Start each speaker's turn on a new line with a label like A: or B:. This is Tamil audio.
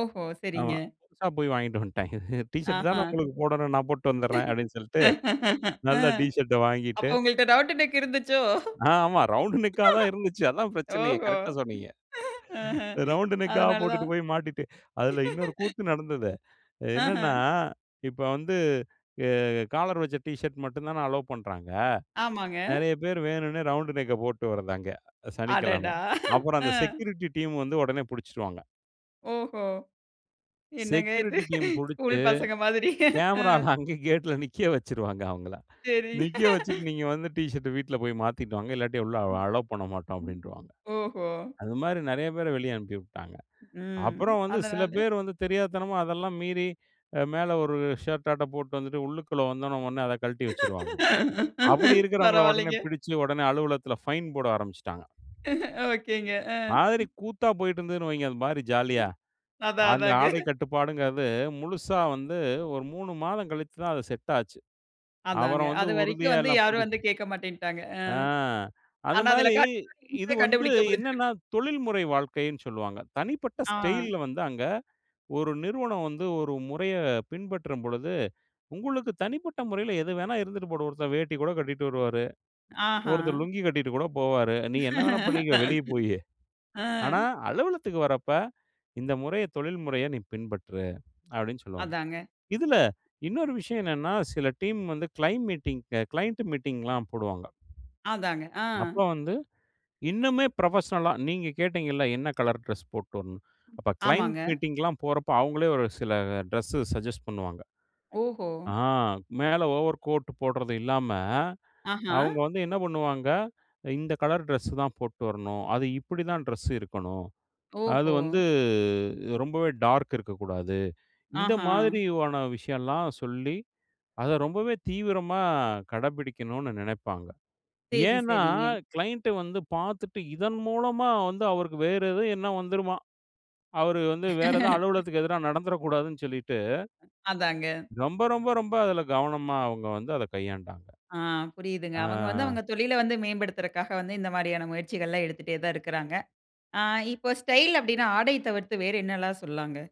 A: ஓஹோ!
B: ஆமா.
A: சரிங்க.
B: புதுசா போய் வாங்கிட்டு வந்துட்டாங்க. "டீ ஷர்ட் தான
A: ஆஹ.
B: உங்களுக்கு போடணும். நான் போட்டுட்டு வந்துர்றேன்" அப்டின்னு சொல்லிட்டு.
A: ஆ.
B: நல்ல டீ ஷர்ட்ட
A: அப்ப
B: வாங்கிட்டு
A: உங்கள்ட்ட டப்ட் டக் இருந்துச்சோ?
B: ஆ ஆமா ரவுண்டு நெக்கா தான் இருந்துச்சு. அதான் பிரச்சனையே
A: ஓஹோ!
B: கரெக்ட்டா சொன்னீங்க.
A: ஆஹ.
B: ரவுண்டு நெக்கா
A: அதனால்
B: போட்டுட்டு
A: தான்.
B: போய் மாட்டிட்டு அதில இன்னொரு கூத்து நடந்தது. என்னன்னா
A: ஆஹ.
B: இப்போ வந்து அ காலர் வச்ச டீ ஷர்ட் மட்டும் தான அலோ பண்றாங்க.
A: ஆமாங்க.
B: நெறைய பேரு வேணுன்னே ரவுண்டு நெக்க போட்டு வரதாங்க சனிக்கிழம.
A: அடடா!
B: அப்புறம் அந்த
A: ம்.
B: செக்யூரிட்டி டீம் வந்து ஓடனே புடிச்சிடுவாங்க.
A: ஓஹோ! என்னங்க இது
B: செக்யூரிட்டி டீம்
A: ஸ்கூல்
B: புடிச்சு
A: பசங்க மாதிரி. அ
B: கேமராவ்ல அங்கே கேட்ல நிக்க வச்சுடுவாங்க அவங்கள.
A: சரி
B: நிக்க வச்சுட்டு "நீங்க வந்து ட் ஷர்ட்ட வீட்ல போய் மாத்திட்டு வாங்க இல்லாட்டி உள்ள
A: ம்.
B: அலோ பண்ணமாட்டோம்"
A: ம்.
B: அப்படின்றுவாங்க.
A: ஓஹோ!
B: அது மாதிரி நறைய பேரை வெளியே அனுப்பி விட்டாங்க.
A: ம்.
B: அப்புறம் வந்து சில
A: அதனால.
B: பேர் வந்து தெரியாத்தனமா அதெல்லாம் மீறி, மேல ஒரு ஷர்ட்டாட்ம் போட்டு வந்துட்டு உள்ளுக்குள்ள வந்த ஓன்னே, ஓன்னே அத கழட்டி வச்சுருவாங்க. அப்டி இருக்கறவங்கள ஓடனே
A: பரவாயில்லைங்க.
B: புடிச்சு ஓடனே அலுவலகத்தில பைன் போட ஆரம்பிச்சுட்டாங்க.
A: ஓகேங்க.
B: மாதிரி கூத்தா போயிட்டு இருந்ததுன்னு வைங்க. அந்த மாதிரி ஜாலியா
A: அதான்
B: அந்த
A: அதாங்க.
B: ஆடை கட்டுப்பாடுங்கிறது முழுசா வந்து ஒரு 3 மாதம் கழிச்சு தான் அது செட் ஆச்சு.
A: அதாங்க.
B: அப்புறம் வந்து
A: அது வரைக்கும்
B: உறுதியா
A: வந்து
B: எல்லாம்
A: யாரும்
B: பிடிச்சி
A: வந்து கேட்க மாட்டேன்னுட்டாங்க. அ,
B: ஆ, அந்த
A: ஆனா, அதில
B: மாதிரி இது
A: கண்டிப்பா
B: வந்து
A: கண்டுபிடிக்க
B: என்னென்னா,
A: முடிஞ்சுருக்கும்.
B: தொழில்முறை வாழ்க்கைன்னு சொல்வாங்க. தனிப்பட்ட
A: ஆ.
B: ஸ்டைல்ல வந்து அங்க ஒரு நிறுவனம் வந்து ஒரு முறைய பின்பற்றம் பொழுது, உங்களுக்கு தனிப்பட்ட முறையில எது வேணா இருந்துட்டு போகட்டும் ஒருத்தன் வேட்டி கூட கட்டிட்டு வருவாரு. ஒருத்தர்
A: ஆஹ.
B: லுங்கி கட்டிட்டு கூட போவாரு. நீ என்ன வேணா பண்ணிக்கோ வெளியே போயி.
A: ஆ.
B: ஆனா, அலுவலகத்துக்கு வர்றப்ப இந்த முறைய தொழில் முறைய நீ பின்பற்று அப்டின்னு சொல்வாங்க.
A: அதாங்க.
B: இதில இன்னொரு விஷயம் என்னன்னா, சில டீம் வந்து கிளைம் மீட்டிங் கிளையன்ட் மீட்டிங்லாம் போடுவாங்க.
A: அதாங்க. ஆ,
B: அப்ப வந்து இன்னுமே புரொபஷனல்லா நீங்க கேட்டீங்கல்ல என்ன கலர் டிரெஸ் போட்டு வரணும்னு அப்போ கிளையன்ட்
A: ஆமாங்க.
B: மீட்டிங்லாம் போறப்போ அவங்களே ஒரு சில டிரெஸ் சஜெஸ்ட் பண்ணுவாங்க.
A: ஓஹோ!
B: ஆ மேல ஓவர் கோட் போட்றது இல்லாம,
A: ஆஹ.
B: அவங்க வந்து என்ன பண்ணுவாங்க. "இந்த கலர் ட்ரெஸ்ஸு தான் போட்டு வரணும். அது இப்படி தான் ட்ரெஸ்ஸு இருக்கணும். அது
A: ஓஹோ!
B: வந்து ரொம்பவே டார்க் இருக்கக்கூடாது" இந்த
A: ஆஹ.
B: மாதிரியான விஷயம்லாம் சொல்லி அதை ரொம்பவே தீவிரமா கடைப்பிடிக்கணும்னு நெனைப்பாங்க.
A: சேரி,
B: ஏன்னா,
A: சேரிங்க.
B: கிளைன்ட்டு வந்து பார்த்துட்டு இதன் மூலமா வந்து அவருக்கு வேற எதுவும் என்னா வந்துருமா, அவர் வந்து வேற எத அலுவலகத்துக்கு எதிரா நடந்துட கூடாதுன்னு சொல்லிட்டு
A: அதாங்க.
B: ரொம்ப, ரொம்ப, ரொம்ப அதுல கவனமா அவங்க வந்து அதை கையாண்டாங்க.
A: ஆ புரியுதுங்க. அவங்க வந்து அவங்க
B: ஆ.
A: தொழில வந்து மேம்படுத்துறதுக்காக வந்து இந்த மாதிரியான முயற்சிகள்லாம் எடுத்துட்டே தான் இருக்றாங்க. ஆ இப்போ ஸ்டைல் அப்படின்னா ஆடையை தவிர்த்து வேற என்னல்லாம் சொல்லலாம்ங்க?